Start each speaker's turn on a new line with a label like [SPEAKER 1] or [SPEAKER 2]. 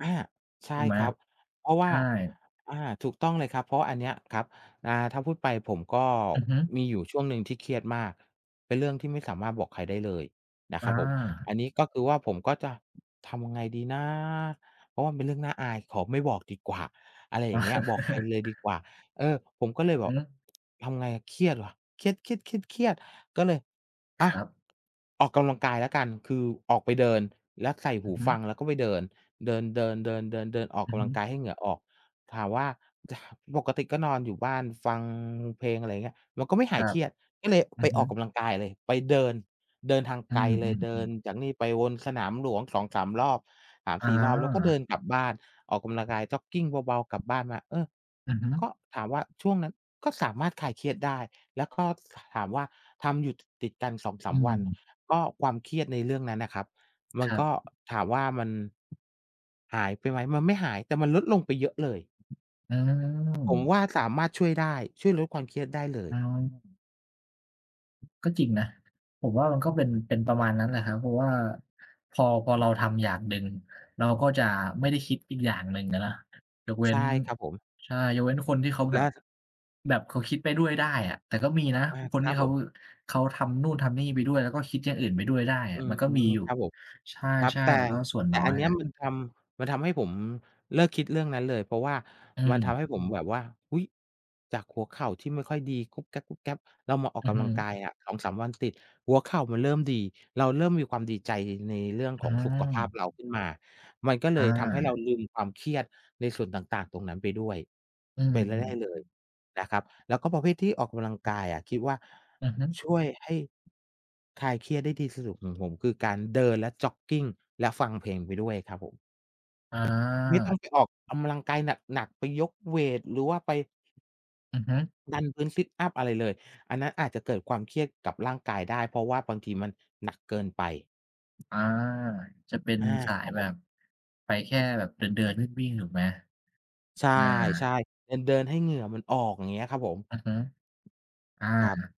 [SPEAKER 1] อา ใช
[SPEAKER 2] ถ
[SPEAKER 1] ่
[SPEAKER 2] ูกไหม
[SPEAKER 1] ครับ เพราะว
[SPEAKER 2] ใ
[SPEAKER 1] ่
[SPEAKER 2] ช
[SPEAKER 1] า
[SPEAKER 2] ่
[SPEAKER 1] อา ถูกต้องเลยครับ เพราะว่าอันเนี้ยครับ อา ถ้าพูดไปผมก็
[SPEAKER 2] อือฮึ
[SPEAKER 1] มีอยู่ช่วงหนึ่งที่เครียดมาก เป็นเรื่องที่ไม่สามารถบอกใครได้เลยนะ
[SPEAKER 2] อ
[SPEAKER 1] ครับผม
[SPEAKER 2] า
[SPEAKER 1] อันนี้ก็คือว่าผมก็จะ ทำยังไงดีนะ เพราะว่ามันเป็นเรื่องน่าอาย ขอไม่บอกดีกว่า อะไรอย่างเงี้ย บอกใครเลยดีกว่า เออ ผมก็เลยบ
[SPEAKER 2] อื
[SPEAKER 1] อ
[SPEAKER 2] อ
[SPEAKER 1] ก
[SPEAKER 2] ฮึ
[SPEAKER 1] ทำไง เครียดว่ะ เครียด ๆ ๆ ๆ ก็เลย อ
[SPEAKER 2] ค
[SPEAKER 1] า
[SPEAKER 2] รับ
[SPEAKER 1] ออกกำลังกายแล้วกัน คือออกไปเดินแล้วใส่
[SPEAKER 2] อ
[SPEAKER 1] ห
[SPEAKER 2] ื
[SPEAKER 1] ู
[SPEAKER 2] อฮึ
[SPEAKER 1] ฟัง แล้วก็ไปเดิน เดิน ๆ ๆ ๆ ๆ ออก
[SPEAKER 2] อื
[SPEAKER 1] ก
[SPEAKER 2] อ
[SPEAKER 1] ำ
[SPEAKER 2] ฮ
[SPEAKER 1] ลั
[SPEAKER 2] ึ
[SPEAKER 1] งกายให้เหงื่อออก ถามว่า จะ ปกติก็นอนอยู่บ้านฟังเพลง อะไรอย่างเงี้ย แล้วก็ไม่ห
[SPEAKER 2] ค
[SPEAKER 1] า
[SPEAKER 2] ร
[SPEAKER 1] ย
[SPEAKER 2] ั
[SPEAKER 1] เค
[SPEAKER 2] บ
[SPEAKER 1] รียด ก็เลย
[SPEAKER 2] อื
[SPEAKER 1] ไป
[SPEAKER 2] อฮ
[SPEAKER 1] อ
[SPEAKER 2] ึ
[SPEAKER 1] อกกำลังกายเลย ไปเดิน เดินทาง
[SPEAKER 2] อื
[SPEAKER 1] ไกลเลย เดิ
[SPEAKER 2] อ
[SPEAKER 1] น
[SPEAKER 2] ๆ ๆ
[SPEAKER 1] จากนี่ไปวนสนามหลวง 2-3 รอบ สาม
[SPEAKER 2] อ
[SPEAKER 1] สี่ รอบ แล้วก็เดิ
[SPEAKER 2] า
[SPEAKER 1] นกลับบ้าน ออกกำลังกายจ็อกกิงเบา ๆ กลับบ้านมา เออ
[SPEAKER 2] อือฮึ
[SPEAKER 1] ก็ถามว่าช่วงนั้น ก็สามารถคลายเครียดได้ แล้วก็ ส ถามว่าทำอยู่ จ ติด ๆ กัน สองส
[SPEAKER 2] อ
[SPEAKER 1] า
[SPEAKER 2] ื
[SPEAKER 1] ม วัน
[SPEAKER 2] ม
[SPEAKER 1] ก็ความเครียดในเรื่องนั้นน่ะครับมัน
[SPEAKER 2] ครั
[SPEAKER 1] ก็
[SPEAKER 2] บ
[SPEAKER 1] ถามว่ามัน หายไปไหม? มันไม่หายแต่มันลดลงไปเยอะเลย
[SPEAKER 2] อื
[SPEAKER 1] ผม
[SPEAKER 2] ม
[SPEAKER 1] ว่าสามารถช่วยได้ ช่วยลดความเครียดได้เล
[SPEAKER 2] อื
[SPEAKER 1] ย
[SPEAKER 2] ม ก็จริงนะ ผมว่ามันก็เป็น เป็นประมาณนั้นแหละครับ เพราะว่าพอ พอเราทำอย่างหนึ่ง เราก็จะไม่ได้คิดอีกอย่างหนึ่งอะนะ ยกเว
[SPEAKER 1] ใ
[SPEAKER 2] ้
[SPEAKER 1] ช่
[SPEAKER 2] น
[SPEAKER 1] ครับผม
[SPEAKER 2] ใช่ ยกเว้นคนที่เขาแ
[SPEAKER 1] แ
[SPEAKER 2] บ
[SPEAKER 1] ล
[SPEAKER 2] บ
[SPEAKER 1] ะ
[SPEAKER 2] แบบเขาคิดไปด้วยได้อะ แต่ก็มีนะ
[SPEAKER 1] อา
[SPEAKER 2] คน
[SPEAKER 1] ค
[SPEAKER 2] ท
[SPEAKER 1] ร
[SPEAKER 2] ี
[SPEAKER 1] ั
[SPEAKER 2] ่
[SPEAKER 1] บ
[SPEAKER 2] เข
[SPEAKER 1] ผ
[SPEAKER 2] า
[SPEAKER 1] ม
[SPEAKER 2] เขาทำนู่นทำนี่ไปด้วย แล้วก็คิดอย่างอื่นไปด้วยได้อ
[SPEAKER 1] อื
[SPEAKER 2] ะ มัน
[SPEAKER 1] ม
[SPEAKER 2] ก็มีอยู่
[SPEAKER 1] ครับผม
[SPEAKER 2] ใช
[SPEAKER 1] ครับ
[SPEAKER 2] ่
[SPEAKER 1] แต่
[SPEAKER 2] ๆ แต่ก็ส่วน
[SPEAKER 1] แต
[SPEAKER 2] น
[SPEAKER 1] ่
[SPEAKER 2] ้อ
[SPEAKER 1] อั
[SPEAKER 2] ย
[SPEAKER 1] นเน
[SPEAKER 2] แ
[SPEAKER 1] ี
[SPEAKER 2] ห
[SPEAKER 1] ้
[SPEAKER 2] ล
[SPEAKER 1] ย
[SPEAKER 2] ะ
[SPEAKER 1] มันทำ มันทำให้ผมเลิกคิดเรื่องนั้นเลย เพราะว่า
[SPEAKER 2] อื
[SPEAKER 1] มันท
[SPEAKER 2] ม
[SPEAKER 1] ำให้ผมแบบว่า อุ๊ย จากหัวเข่าที่ไม่ค่อยดี กุ๊บแก๊บ ๆ เรามาออ
[SPEAKER 2] อ
[SPEAKER 1] ก
[SPEAKER 2] ื
[SPEAKER 1] ก
[SPEAKER 2] อฮ
[SPEAKER 1] ำลังกา
[SPEAKER 2] ึ
[SPEAKER 1] ยอะ 2-3 วันติด หัวเข่ามันเริ่มดี เราเริ่มมีความดีใจในเรื่อง
[SPEAKER 2] อื้
[SPEAKER 1] ข
[SPEAKER 2] อ
[SPEAKER 1] อง
[SPEAKER 2] ฮื
[SPEAKER 1] สุขภาพ
[SPEAKER 2] อ
[SPEAKER 1] เราขึ้นมา มันก็เล
[SPEAKER 2] อ
[SPEAKER 1] ยทำให้เรา
[SPEAKER 2] า
[SPEAKER 1] ลืมความเครียดในส่วนต่าง ๆ ตรงนั้นไปด้วย
[SPEAKER 2] อื
[SPEAKER 1] เ
[SPEAKER 2] ม
[SPEAKER 1] ป็นไร่ ๆ เลย
[SPEAKER 2] ๆ ๆ
[SPEAKER 1] นะครับ แล้วก็ประเภทที่ออกกำลังกายอะ คิดว่า
[SPEAKER 2] อือฮึ
[SPEAKER 1] ช่วยให้ คลายเครียดได้ที่สะดุดของผม คือการเดิน และจ็อกกิง และฟังเพลงไปด้วยครับผม
[SPEAKER 2] อ
[SPEAKER 1] ไม่ต้อ
[SPEAKER 2] า
[SPEAKER 1] งไปออกกำลังกายหนัก ๆ ไปยกเวตหรือว่าไป
[SPEAKER 2] อือฮึ
[SPEAKER 1] ดันพื้น sit up อะไรเลย อันนั้นอาจจะเกิดความเครียดกับร่างกายได้ เพราะว่าบางทีมันหนักเกินไป
[SPEAKER 2] อา จะเป็น
[SPEAKER 1] อา
[SPEAKER 2] สา
[SPEAKER 1] ค
[SPEAKER 2] ย
[SPEAKER 1] รับ
[SPEAKER 2] แ
[SPEAKER 1] ผ
[SPEAKER 2] บ
[SPEAKER 1] ม
[SPEAKER 2] บ ไปแค่แบบเดิน ๆ วิ่ง ๆ ถูกไหม?
[SPEAKER 1] ใช
[SPEAKER 2] อา
[SPEAKER 1] ่ ๆ เดิน ๆ ให้เหงื่อมันออก อย่างเงี้ยครับผม
[SPEAKER 2] อือฮึ อา
[SPEAKER 1] ครับ